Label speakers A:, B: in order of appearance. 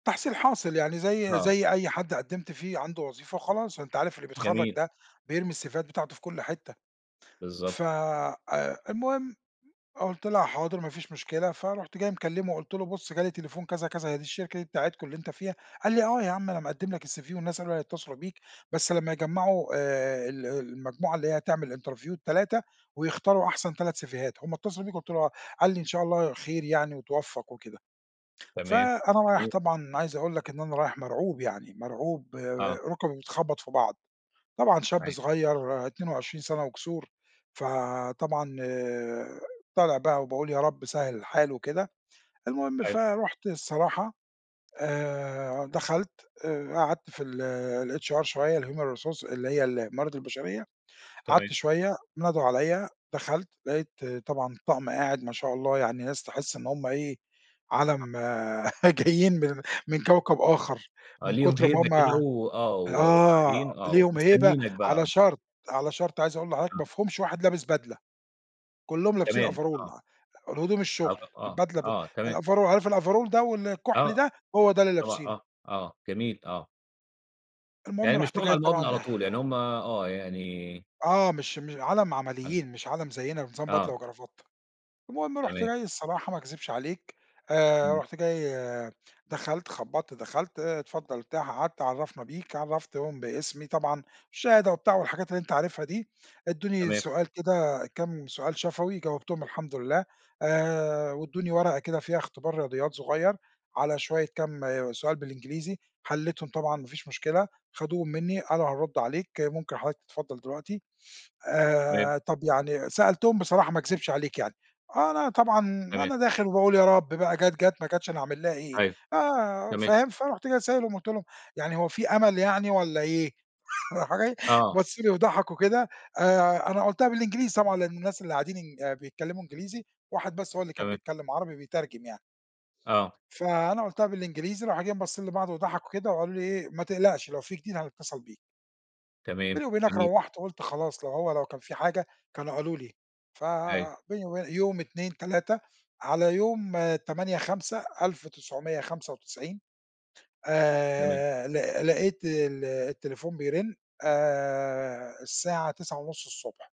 A: تحصيل حاصل، يعني زي
B: آه.
A: زي أي حد قدمت فيه عنده وظيفة وخلاص أنت عارف اللي بيتخرّج
B: جميل.
A: ده بيرمي السيفيهات بتاعته في كل حتة
B: بالضبط.
A: ف آآ، المهم قُلت لها حاضر ما فيش مشكلة فرُحت جاي مكلمه وقُلت له بُص جَه لي تليفون كذا، كذا هي دي الشركة دي بتاعتكم اللي أنت فيها، قال لي: "آه يا عَم أنا مقدّم لك الCV والناس قالوا هيتصلوا بيك بس لمّا يجمعوا آآ، ال المجموعة اللي هي هتعمل interview ال3 ويختاروا أحسن 3 سيفيهات هُم اتصلوا بيك" قُلت له آه، قال لي: "إن شاء الله خير يعني واتوفق وكده،"
B: تمام.
A: فأنا رايح
B: جميل.
A: طبعًا أنا عايز اقول لك إن أنا رايح مَرعوب يعني مَرعوب
B: آه.
A: رُكي بتخبّط في بعض، طبعًا شاب
B: أيوه.
A: صغير 22 سنة وكسور، فطبعًا طالع بقى وباقول يا رب سهل الحال وكده المهم
B: أيوه
A: فرُحت الصراحة آآ، دخلت آآ قعدت في ال الHR شوية الhuman resource اللي هي الموارد البشرية
B: تمام.
A: قعدت شوية، ندهوا عليّا دخلت لقيت طبعًا الطقم قاعد ما شاء الله يعني ناس تحس إن هُم إيه عَالم
B: آه.
A: جايين من من كوكب آخر
B: آه
A: من
B: ليهم
A: كُتر ما
B: هيبة
A: هُم
B: كده و آه،
A: آه،
B: وقاعدين آه،
A: ليهم هيبة
B: ومستنينك بقى.
A: على شرط على شرط عايز اقول لحضرتك
B: آه.
A: ما فيهُمش واحد لابس بدلة كلّهم لابسين
B: تمام آه.
A: overall الهدوم
B: آه
A: الشغل
B: طَب آه،
A: البدلة ب
B: آه تمام.
A: الoverall عارف overall ده والكحل
B: آه.
A: ده هو ده اللي
B: طبعًا
A: لابسينه.
B: آه، آه جميل، آه. يعني
A: المهم
B: مش
A: رُحت
B: شغل
A: جاي
B: على المقابلة على
A: طبعًا
B: طول، يعني هُم آه، يعني
A: آه مش م عالم
B: حلو.
A: عمليين مش عالم زيّنا نظام
B: آه.
A: بدلة وكرافتة، المهم رُحت
B: تمام.
A: جاي الصراحة ما اكذبش عليك آآ،
B: إمم.
A: رُحت جاي دخلت خبّطت دخلت آآ، اتفضل ارتاح قعدت عرفنا بيك عرفتهم باسمي طبعًا الشهادة وبتاع والحاجات اللي أنت عارفها دي، ادوني
B: تمام.
A: سؤال كده كام سؤال شفوي جاوبتهم والحمد لله آآ، وادوني ورقة كده فيها اختبار رياضيات صغيّر، على شوية كام سؤال بالإنجليزي، حلّيتهم طبعًا ما فيش مشكلة، خدوهم منّي قالوا هنرد عليك ممكن حضرتك تتفضل دلوقتي
B: تمام.
A: آآ، طَب يعني سألتهم بصراحة ما اكذبش عليك يعني، أنا طبعًا
B: تمام.
A: أنا داخل وباقول يا رب بقى جات، جات ما جتش أنا هاعمل لها إيه
B: أيوه.
A: آآ،
B: تمام.
A: فاهم؟ فرُحت جاي سائلهم قُلت لهم: "يعني هو في أمل يعني والّا إيه؟" راح جاي
B: آه.
A: بصّوا لي وضحكوا كده آآ، أنا قلتها بالإنجليزي طبعًا لإن الناس اللي قاعدين إن آآ، بيتكلموا إنجليزي، واحد بس هو اللي كان
B: تمام.
A: بيتكلم عربي بيترجم يعني
B: آه.
A: فأنا قلتها بالإنجليزي راحوا جايين باصّين لبعض وضحكوا وكده، وقالوا لي إيه: "ما تقلقش لو في جديد هنتصل بيك"
B: تمام،
A: بيني وبينك
B: جميل.
A: روّحت قُلت خلاص لو هو لو كان في حاجة كانوا قالوا لي ف
B: أيوه.
A: بيني وبين يوم 2، 3 على يوم 8 5 1995
B: تمام.
A: آآ، لق لقيت ال التليفون بيرن آآ، الساعة 9:30ص